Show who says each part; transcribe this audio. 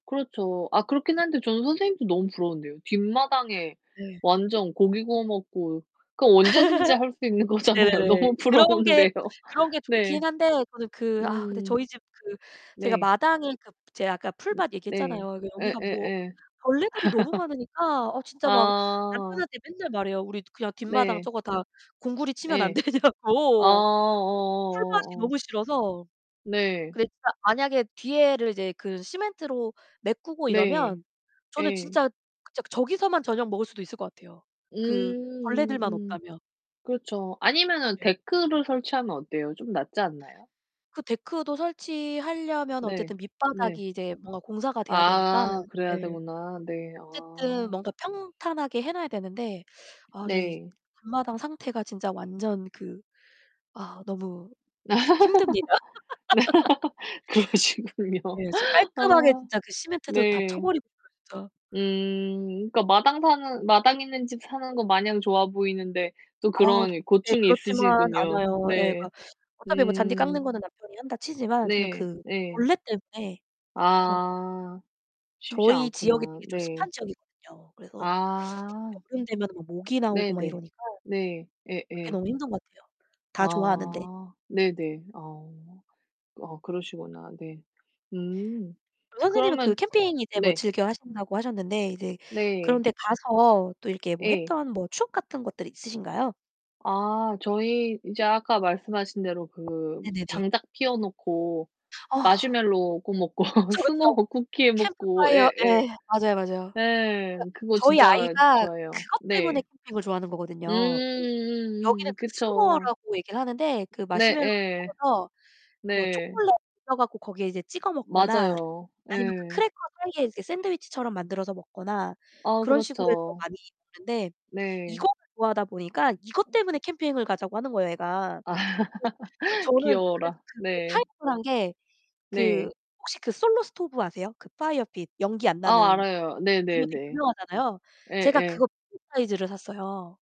Speaker 1: 그렇죠. 아 그렇긴
Speaker 2: 네.
Speaker 1: 한데 저는 선생님도 너무 부러운데요. 뒷마당에
Speaker 2: 네.
Speaker 1: 완전 고기 구워 먹고 그럼 언제든지 할 수 있는 거잖아요.
Speaker 2: 네네네.
Speaker 1: 너무
Speaker 2: 그런 게
Speaker 1: 부러운데요.
Speaker 2: 그런 게
Speaker 1: 네.
Speaker 2: 좋긴 한데 저는 그 아 근데
Speaker 1: 음.
Speaker 2: 저희 집 그 제가
Speaker 1: 네.
Speaker 2: 마당에 그 제가 아까 풀밭
Speaker 1: 네.
Speaker 2: 얘기했잖아요. 그 여기가 뭐
Speaker 1: 예예예.
Speaker 2: 벌레들이 너무 많으니까 어 진짜 막
Speaker 1: 아.
Speaker 2: 남편한테 맨날 말해요. "우리 그냥 뒷마당
Speaker 1: 네.
Speaker 2: 저거 다 공구리 치면 안
Speaker 1: 예. 아
Speaker 2: 되냐고." 풀밭이
Speaker 1: 어어어어.
Speaker 2: 너무 싫어서.
Speaker 1: 네.
Speaker 2: 근데 진짜 만약에 뒤에를 이제 그 시멘트로 메꾸고
Speaker 1: 네.
Speaker 2: 이러면 저는
Speaker 1: 예.
Speaker 2: 진짜 저 저기서만 저녁 먹을 수도 있을 것 같아요,
Speaker 1: 음
Speaker 2: 그 벌레들만
Speaker 1: 음음
Speaker 2: 없다면.
Speaker 1: 그렇죠. 아니면은
Speaker 2: 네.
Speaker 1: 데크를 설치하면 어때요? 좀 낫지 않나요?
Speaker 2: 그 데크도 설치하려면
Speaker 1: 네.
Speaker 2: 어쨌든
Speaker 1: 네.
Speaker 2: 밑바닥이 이제 뭔가 공사가 돼야 되니까.
Speaker 1: 아 그래야
Speaker 2: 네.
Speaker 1: 되구나. 네.
Speaker 2: 어쨌든
Speaker 1: 아.
Speaker 2: 뭔가 평탄하게 해 놔야 되는데 아 저희
Speaker 1: 네.
Speaker 2: 앞마당 상태가 진짜 완전 그 아 너무 힘듭니다.
Speaker 1: 그러시군요.
Speaker 2: 네, 진짜 깔끔하게
Speaker 1: 아
Speaker 2: 진짜 그 시멘트도 다
Speaker 1: 네.
Speaker 2: 쳐버리고 싶어요, 진짜.
Speaker 1: 음 그니까 마당 사는 마당 있는 집 사는 거 마냥 좋아 보이는데 또
Speaker 2: 아 도
Speaker 1: 그런
Speaker 2: 네,
Speaker 1: 고충이
Speaker 2: 그렇지만
Speaker 1: 있으시군요.
Speaker 2: 않아요. 예
Speaker 1: 네.
Speaker 2: 그러니까 어차피 뭐 잔디
Speaker 1: 음.
Speaker 2: 깎는 거는 남편이 한다 치지만 저는
Speaker 1: 네.
Speaker 2: 그
Speaker 1: 예.
Speaker 2: 벌레 때문에 어.
Speaker 1: 아 쉽지
Speaker 2: 저희 지역이
Speaker 1: 않구나.
Speaker 2: 되게 좀 습한
Speaker 1: 네.
Speaker 2: 지역이거든요. 그래서
Speaker 1: 아.
Speaker 2: 여름 되면은 뭐 모기 나오고 막
Speaker 1: 네네.
Speaker 2: 이러니까.
Speaker 1: 네.
Speaker 2: 그게
Speaker 1: 예예.
Speaker 2: 너무 힘든 것 같아요. 다 좋아하는데. 네.
Speaker 1: 아, 네네. 아. 아 그러시구나. 네. 음.
Speaker 2: 또 선생님은
Speaker 1: 그러면
Speaker 2: 그 캠핑 이제 뭐
Speaker 1: 네.
Speaker 2: 즐겨 하신다고 하셨는데 이제 그런
Speaker 1: 네.
Speaker 2: 데 가서 또 이렇게 뭐
Speaker 1: 예.
Speaker 2: 했던 뭐 추억 같은 것들이 있으신가요?
Speaker 1: 아 저희 이제 아까 말씀하신 대로 그
Speaker 2: 네네네.
Speaker 1: 장작 피워 놓고
Speaker 2: 어.
Speaker 1: 마시멜로 구워 먹고
Speaker 2: 그쵸,
Speaker 1: 스모어
Speaker 2: 그쵸.
Speaker 1: 쿠키 해 먹고
Speaker 2: 캠프파이어,
Speaker 1: 예. 예.
Speaker 2: 예, 맞아요, 맞아요. 그
Speaker 1: 네, 그거
Speaker 2: 저희
Speaker 1: 진짜
Speaker 2: 아이가
Speaker 1: 좋아해요.
Speaker 2: 그것 때문에
Speaker 1: 네.
Speaker 2: 캠핑을 좋아하는
Speaker 1: 음
Speaker 2: 거거든요. 그 여기는
Speaker 1: 음음음
Speaker 2: 그
Speaker 1: 그쵸.
Speaker 2: 스모어라고 얘기를 하는데 그 마시멜로를
Speaker 1: 네예.
Speaker 2: 구워서 뭐
Speaker 1: 네.
Speaker 2: 초콜릿 녹여 갖고 거기에 이제 찍어 먹거나
Speaker 1: 맞아요.
Speaker 2: 아니면 그
Speaker 1: 예.
Speaker 2: 크래커 사이에 이제 샌드위치처럼 만들어서 먹거나
Speaker 1: 아
Speaker 2: 그런 식으로 해서
Speaker 1: 그렇죠.
Speaker 2: 많이 먹는데
Speaker 1: 네.
Speaker 2: 이거를 좋아하다 보니까 이것 때문에 캠핑을 가자고 하는 거예요, 애가. 그래서 저 저는 그래서
Speaker 1: 귀여워라.
Speaker 2: 그 뭐
Speaker 1: 네.
Speaker 2: 타협을 한 게 그
Speaker 1: 네.
Speaker 2: 혹시 그 솔로 스토브 아세요? 그 파이어핏 연기 안
Speaker 1: 아
Speaker 2: 나는
Speaker 1: 알아요.
Speaker 2: 그거 되게
Speaker 1: 네네네.
Speaker 2: 유명하잖아요. 제가
Speaker 1: 예예.
Speaker 2: 그거 [unintelligible] 사이즈를 샀어요.